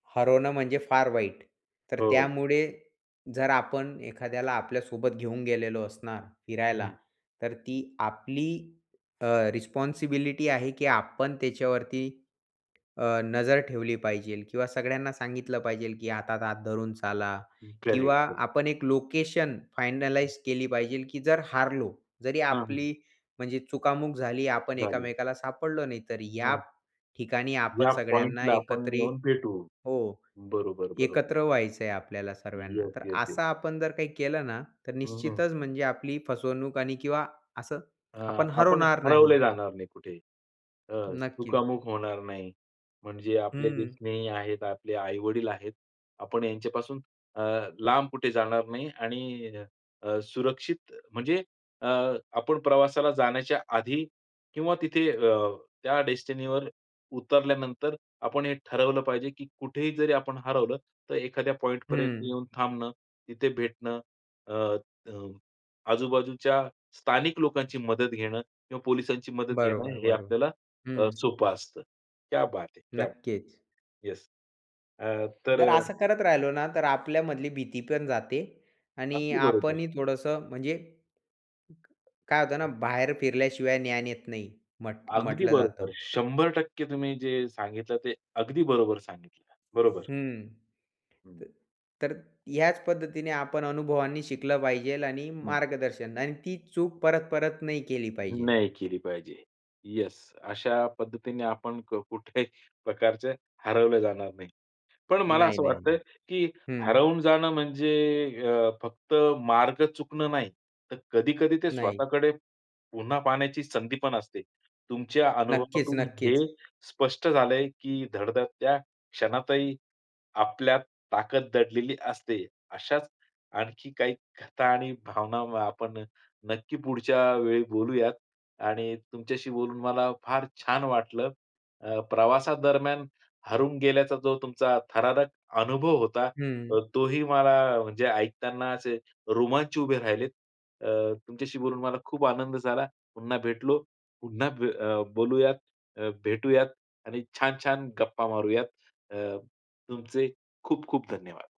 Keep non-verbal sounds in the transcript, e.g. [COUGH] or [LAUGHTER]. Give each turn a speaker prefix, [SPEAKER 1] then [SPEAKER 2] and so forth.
[SPEAKER 1] हरवणं म्हणजे फार वाईट. तर
[SPEAKER 2] हो.
[SPEAKER 1] त्यामुळे जर आपण एखाद्याला आपल्यासोबत घेऊन गेलेलो असणार फिरायला,
[SPEAKER 2] हं.
[SPEAKER 1] तर ती आपली अ, रिस्पॉन्सिबिलिटी आहे की आपण त्याच्यावरती अ, नजर ठेवली पाहिजेल किंवा सगळ्यांना सांगितलं पाहिजेल की हातात हात धरून चाला, किंवा
[SPEAKER 2] करेक्ट, करेक्ट.
[SPEAKER 1] आपण एक लोकेशन
[SPEAKER 2] हं.
[SPEAKER 1] फायनलाईज केली पाहिजेल की जर हारलो, जरी
[SPEAKER 2] हां, हं.
[SPEAKER 1] आपली म्हणजे चुकामुक झाली, आपण
[SPEAKER 2] झाली.
[SPEAKER 1] एकमेकाला सापडलो नाही, तर या
[SPEAKER 2] हां.
[SPEAKER 1] ठिकाणी आपण
[SPEAKER 2] या
[SPEAKER 1] सगळ्यांना
[SPEAKER 2] पॉइंटला आपण
[SPEAKER 1] एकत्रित
[SPEAKER 2] येऊन भेटू.
[SPEAKER 1] हो.
[SPEAKER 2] बरोबर, बरोबर.
[SPEAKER 1] एकत्र व्हायचंय आपल्याला सर्व्यांना.
[SPEAKER 2] येस,
[SPEAKER 1] तर
[SPEAKER 2] येस, येस.
[SPEAKER 1] असा आपण जर काही केलं ना, तर
[SPEAKER 2] हं, हं.
[SPEAKER 1] निश्चितच म्हणजे आपली फसवणूक आणि किंवा असं
[SPEAKER 2] अ,
[SPEAKER 1] [SWALLOWS] आपण
[SPEAKER 2] आपण
[SPEAKER 1] हरवणार नाही.
[SPEAKER 2] हरवले जाणार नाही कुठे. अ,
[SPEAKER 1] नक्की.
[SPEAKER 2] चुकामुक होणार नाही. म्हणजे आपले जे
[SPEAKER 1] हं.
[SPEAKER 2] स्नेही आहेत, आपले आई-वडील आहेत, आपण यांच्यापासून अ, लांब कुठे जाणार नाही आणि अ, सुरक्षित, म्हणजे अ, आपण प्रवासाला जाण्याच्या आधी किंवा तिथे अ, त्या डेस्टिनीवर उतरल्यानंतर आपण हे ठरवलं पाहिजे की कुठेही जरी आपण हरवलं, तर एखाद्या पॉइंट पर्यंत
[SPEAKER 1] हं.
[SPEAKER 2] येऊन थांबणं, तिथे भेटणं, अ, त आजूबाजूच्या स्थानिक लोकांची मदत घेणं, किंवा पोलिसांची मदत घेणं,
[SPEAKER 1] बरोबर,
[SPEAKER 2] हे
[SPEAKER 1] बरोबर.
[SPEAKER 2] आपल्याला अ,
[SPEAKER 1] हं.
[SPEAKER 2] सोपं असतं. क्या बात है, क्या बात है!
[SPEAKER 1] नक्कीच.
[SPEAKER 2] येस. अ, तर
[SPEAKER 1] जर असं करत राहिलो ना, तर आपल्यामधली भीती पण जाते आणि
[SPEAKER 2] अगदी बरोबर.
[SPEAKER 1] आपणही थोडंसं म्हणजे, काय होतं ना बाहेर फिरल्याशिवाय ज्ञान येत नाही, म्ह
[SPEAKER 2] अगदी
[SPEAKER 1] म्हटलं जातं.
[SPEAKER 2] बरोबर, 100% तुम्ही जे सांगितलं ते अगदी बरोबर सांगितलं. बरोबर.
[SPEAKER 1] हं.
[SPEAKER 2] हं.
[SPEAKER 1] तर ह्याच पद्धतीने आपण अनुभवांनी शिकलं पाहिजेल आणि
[SPEAKER 2] हं.
[SPEAKER 1] मार्गदर्शन आणि ती चूक परत, परत नाही केली पाहिजे.
[SPEAKER 2] नाही केली पाहिजे. येस. अशा पद्धतीने आपण क कुठेही प्रकारचे हरवले जाणार नाही. पण मला
[SPEAKER 1] नाही,
[SPEAKER 2] असं
[SPEAKER 1] नाही,
[SPEAKER 2] वाटतं आहे
[SPEAKER 1] नाही.
[SPEAKER 2] की
[SPEAKER 1] हं.
[SPEAKER 2] हरवून जाणं म्हणजे अ, फक्त मार्ग चुकणं नाही. तर कधी-कधी ते
[SPEAKER 1] नाही.
[SPEAKER 2] स्वतःकडे पुन्हा पाहण्याची संधी पण असते. तुमच्या
[SPEAKER 1] नक्कीच,
[SPEAKER 2] अनुभवातून हे
[SPEAKER 1] नक्कीच.
[SPEAKER 2] स्पष्ट झालंय की धडधडत्या क्षणातही, आपल्यात ताकद दडलेली असते. अशाच आणखी काही कथा आणि भावना आपण नक्की पुढच्या वेळी बोलूयात आणि तुमच्याशी बोलून मला फार छान वाटलं. अ, प्रवासादरम्यान हरवून गेल्याचा जो तुमचा थरारक अनुभव होता, तर
[SPEAKER 1] हं.
[SPEAKER 2] तोही मला म्हणजे ऐकताना असे रोमांच उभे राहिलेत. अ, तुमच्याशी बोलून मला खूप आनंद झाला. पुन्हा भेटलो. पुन्हा ब बोलूयात, अ, भेटूयात आणि छान-छान गप्पा मारूयात. अ, तुमचे खूप-खूप धन्यवाद.